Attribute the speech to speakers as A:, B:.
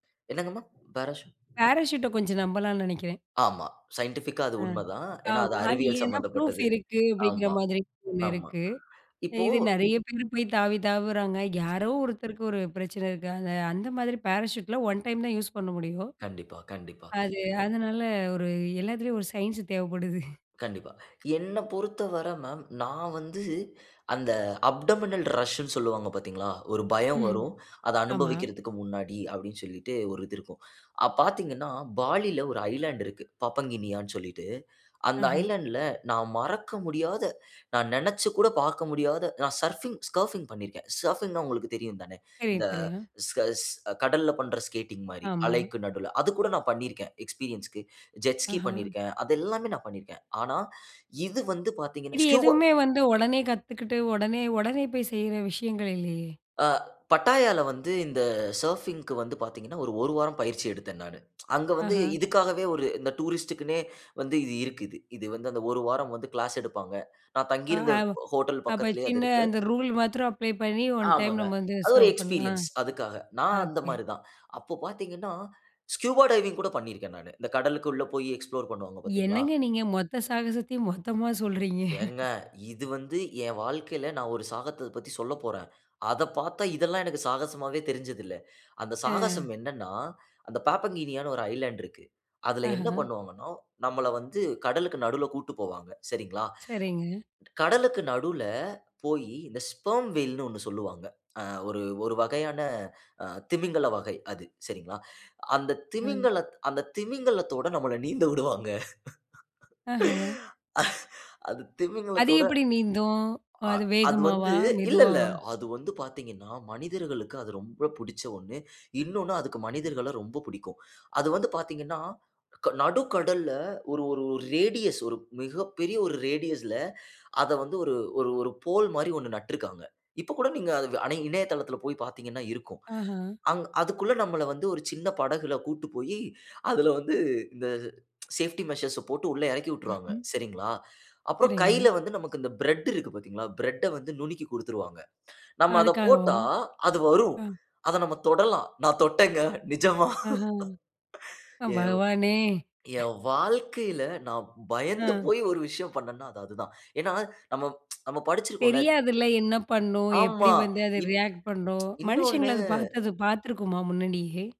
A: என்னங்கம்மா பாராசூ
B: பேராசூட்ட கொஞ்சம் நம்பலாம்ன்னு நெனைக்கிறேன்.
A: ஆமா சைன்டிஃபிக்கா அது
B: அ
A: உண்மைதான். ஏன்னா அது
B: ஆமா. அது
A: அறிவியல்
B: ஏன்னா, ப்ரூஃப்
A: சம்மந்தப்பட்டது.
B: இருக்கு அப்படிங்கிற
A: ஆமா,
B: மாதிரி ஒண்ணு
A: ஆமா.
B: இருக்கு.
A: இப்போ
B: இது நெறைய பேரு போய் தாவி தாவுறாங்க. யாரோ ஒருத்தருக்கு ஒரு பிரச்சனை இருக்கு. அந்த அந்த மாதிரி பேராசூட்ல 1 டைம் தான் யூஸ் பண்ண முடியும்.
A: கண்டிப்பா கண்டிப்பா.
B: அது அதனால ஒரு எல்லாத்துலேயும் ஒரு சயின்ஸ் தேவைப்படுது.
A: கண்டிப்பா. என்னப் பொறுத்தவர மேம், நான் வந்து அந்த அப்டமினல் ரஷ்ன்னு சொல்லுவாங்க பாத்தீங்களா? ஒரு பயம்
B: ம்.
A: வரும், அதை
B: ஆமா.
A: அனுபவிக்கிறதுக்கு முன்னாடி அப்டின்னு சொல்லிட்டு ஒரு இது இருக்கும். அ பாத்தீங்கன்னா, பாலில ஒரு ஐலேண்ட் இருக்கு. பாப்பங்கினியான்னு சொல்லிட்டு, அந்த
B: ஆஹ.
A: ஐலேண்ட்ல நான் மறக்க முடியாத, நான் நெனைச்சு கூட பாக்க முடியாத நான் சர்ஃபிங் ஸ்கர்ஃபிங் பண்ணியிருக்கேன். சர்ஃபிங்ன்னா உங்களுக்கு தெரியும் தானே. இந்த
B: தெரியும் தெரியும்.
A: ஸ்கேட் கடல்ல பண்ற ஸ்கேட்டிங் மாரி
B: ஆமா.
A: அலைக்கு நடுல அது கூட நான் பண்ணியிருக்கேன். எக்ஸ்பீரியன்ஸ்க்கு. ஜெட் ஸ்கி
B: ஆஹ.
A: பண்ணியிருக்கேன். அது எல்லாமே நான் பண்ணிருக்கேன். ஆனா இது வந்து பாத்தீங்கன்னா
B: இது
A: ஸ்கூபா
B: எதுவுமே வந்து, ஒடனே கத்துக்கிட்டு ஒடனே ஓடனே போய் செய்ற விஷயங்கள் இல்லயே!
A: ஆ பட்டாயால வந்து இந்த சர்ஃபிங்க்கு வந்து பாத்தீங்கன்னா, ஒரு 1 வாரம் பயிற்சி எடுத்தேன் நானு. அங்க வந்து
B: ஆஹ.
A: இதுக்காகவே ஒரு இந்த டூரிஸ்ட்க்குன்னே வந்து இது இருக்குது. இது வந்து அந்த 1 வாரம் வந்து கிளாஸ் எடுப்பாங்க. நான் தங்கி
B: ஆ
A: இருந்த
B: ஆவோ
A: ஹோட்டல்
B: அப்ப
A: பக்கத்திலயே அது
B: சின்ன
A: இருக்கு.
B: அந்த ரூல் மாத்திரம் அப்ளை பண்ணி ஒன் டைம்
A: ஆமாங்க.
B: நம்ம வந்து
A: அது ஒரு
B: சர்வ்
A: எக்ஸ்பீரியன்ஸ்
B: பண்ணலாம்.
A: அதுக்காக. நான் அந்த
B: ஓகே.
A: மாரி தான். அப்போ பாத்தீங்கன்னா, ஸ்கூபா டைவிங் கூட பண்ணியிருக்கேன் நானு. இந்த கடலுக்கு உள்ளே போயி எக்ஸ்ப்ளோர் பண்ணுவாங்க பாத்தீங்களா?
B: என்னங்க நீங்க மொத்த சாகசத்தையும் மொத்தமா சொல்றீங்க.
A: ஏங்க, இது வந்து என் வாழ்க்கையில நான் ஒரு சாகசத்த பத்தி சொல்லப்போறேன். அத பாத்தா, இதெல்லாம் எனக்கு சாகசமாவே தெரிஞ்சது இல்ல. அந்த சாகசம்
B: ஆ.
A: என்னன்னா, அந்த பாப்பங்கினியான்னு ஒரு ஐலேண்ட் இருக்கு. அதில என்ன
B: ஆஹஹ.
A: பண்ணுவாங்கன்னா, நம்மள வந்து கடலுக்கு நடுவுல கூட்டிட்டு போவாங்க, சரிங்களா?
B: சரிங்க.
A: கடலுக்கு நடுவுல போயி இந்த ஸ்பெர்ம் வேல்ன்னு 1 சொல்லுவாங்க. அ ஒரு ஒரு வகையான, திமிங்கல வகை அது. சரிங்களா? அந்த
B: ம்.
A: திமிங்கலத் அந்த திமிங்கலத்தோட நம்மள நீந்த உடுவாங்க.
B: ஆஹ.
A: அது
B: அது
A: திமிங்கலத்தோட
B: எப்புடி நீந்தும்?
A: அ
B: அது
A: அது வந்து
B: வேகமாவா,
A: இல்ல இல்ல.
B: மெதுவாவா?
A: அது வந்து பாத்தீங்கன்னா, மனிதர்களுக்கு அது ரொம்ப புடிச்ச ஒன்னு. இன்னொன்னு அதுக்கு மனிதர்கள ரொம்ப பிடிக்கும். அது வந்து பாத்தீங்கன்னா, க நடுக்கடல்ல ஒரு ஒரு ரேடியஸ் ஒரு மிகப்பெரிய ஒரு ரேடியஸ்ல அத வந்து ஒரு, ஒரு ஒரு போல் மாரி 1 நட்டுருக்காங்க. இப்ப கூட நீங்க அது வ ஆனா இணையதளத்தில போய் பாத்தீங்கன்னா இருக்கும்.
B: ஆஹன்.
A: அங் அதுக்குள்ள நம்மள வந்து, ஒரு சின்ன படகுல கூட்டு போயி, அதில வந்து இந்த சேஃப்டி மெஷர்ஸ்ஸ போட்டு உள்ளே எறக்கி விட்டுருவாங்க.
B: ம்ஹம்.
A: சரிங்களா? அப்புறம் கையில
B: சரிங்க.
A: வந்து நமக்கு இந்த பிரெட் இருக்கு பாத்தீங்களா? பிரெட்ட வந்து நுணுக்கி குடுத்துருவாங்க. நம்ம அத போட்டா
B: அதுக்காகவா?
A: அது வரும்.
B: அ.e
A: அத நம்ம தொடலாம். நான் தொட்டேங்க நிஜமா.
B: ஆஹ.
A: ஏவ்
B: பகவானே!
A: என் வாழ்க்கையில நான் பயந்து
B: அ.
A: போய் ஒரு விஷயம் பண்ணேன்னா, அது அதுதான். ஏன்னா, நம்ம ப்ச் நம்ம படிச்சிருக்கோம்ல
B: தெரியாதுல்ல என்ன பண்ணும்? எப்புடி
A: ஆமா
B: வந்து அது
A: இன் ப்ச்சு
B: ரியாக்ட் பண்ணும்? மனுஷங்கள
A: இன்னொன்னு
B: அத பாத்தது அது பாத்துக்குமா முன்னாடியே?